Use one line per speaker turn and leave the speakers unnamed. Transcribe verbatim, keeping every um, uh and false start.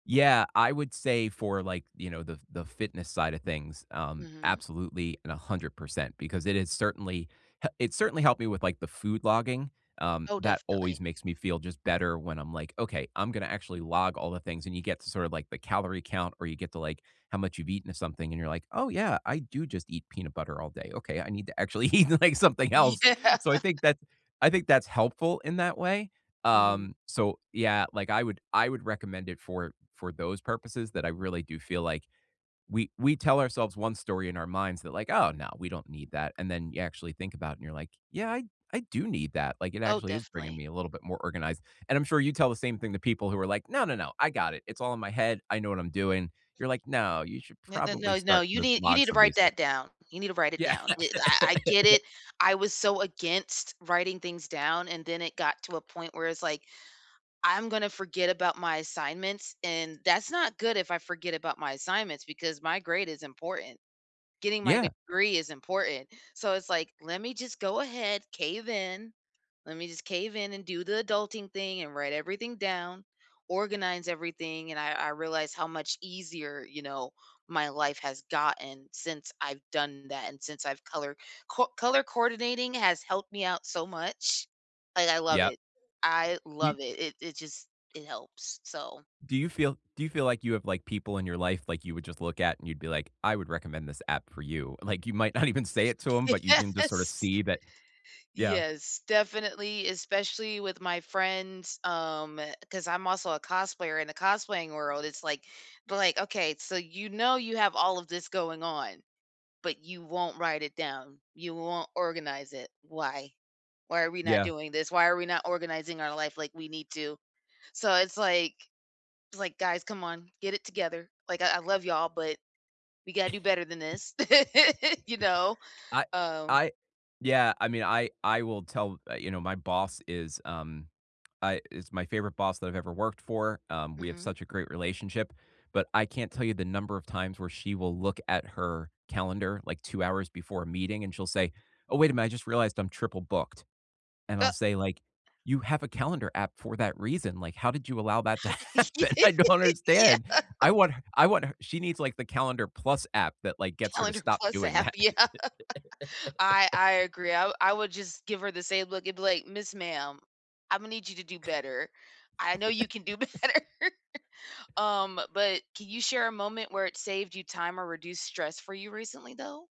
Yeah, I would say for, like, you know, the the fitness side of things, um,
Mhm.
absolutely and a hundred percent because it had certainly he it certainly helped me with, like, the food logging. Um,
Oh,
that
definitely.
always makes me feel just better when I'm, like, "Okay, I'm gonna actually log all the things," and you get to sort of, like, the calorie count or you get to, like, how much you've eaten of something and you're, like, "Oh, yeah, I do just eat peanut butter all day. Okay, I need to actually eat, like, something else."
Yeah.
So, I think that I think that's helpful in that way.
Mhm.
Um, so, yeah, like, I would I would recommend it for for those purposes that I really do feel, like, we we tell ourselves one story in our minds that, like, "Oh, no, we don't need that," and then you actually think about it, and you're, like, "Yeah, I I do need that." Like, it
Oh,
actually is bringing
definitely.
me a little bit more organized, and I'm sure you tell the same thing to people who are, like, "No, no. no, I got it. It's all in my head. I know what I'm doing." You're, like, "No, you should
N n
probably
no, no,
start
you
with
need you
log
need to
some
write
basic"
that down. You need to write it
Yeah.
down. Eh, I I get it. I was so against writing things down and then it got to a point where it's, like, "I'm gonna forget about my assignments," and that's not good if I forget about my assignments because my grade is important. Getting my
Yeah.
degree is important. So it's, like, "Let me just go ahead, cave in. Let me just cave in and do the adulting thing and write everything down, organize everything," and I I realized how much easier, you know, my life has gotten since I've done that and since I've color co Color coordinating has helped me out so much. Like, I love
Yep.
it. I
Y
love it. It it just It helps, so
Do you feel do you feel like you have, like, people in your life, like, you would just look at and you'd be, like, "I would recommend this app for you." Like, you might not even say it to 'em, but you can
[unintelligible]
just sorta
Yes.
see that Yeah.
Yes, definitely, especially with my friends, um, 'cause I'm also a cosplayer. In a cosplaying world, it's, like, "But like, okay, so, you know, you have all of this going on, but you won't write it down. You won't organize it. Why? Why are we not
Yeah.
doing this? Why are we not organizing our life like we need to?" So, it's, like it's like, "Guys, come on, get it together. Like, I I love y'all, but we gotta do better than this," you know?
I
Um
I Yeah, I mean, I I will tell uh, you know, my boss is, um, I is my favorite boss that I've ever worked for. Um, we have
Mhm.
such a great relationship, but I can't tell you the number of times where she will look at her calendar, like, two hours before a meeting, and she'll say, "Oh, wait a minute, I just realized I'm triple booked," and
Uh
I'll say, like, "You have a calendar app for that reason. Like, how did you allow that to
How did
happen?" I don't
Yeah.
understand. I want I want her She needs, like, the Calendar Plus app that, like, gets her to
Calendar
stop
Plus
doing
app,
that.
yeah. I I agree. I wou I would just give her the same look and be like, "Miss Ma'am, Imma need you to do better. I know you can do better." Um, but can you share a moment where it saved you time or reduced stress for you recently though?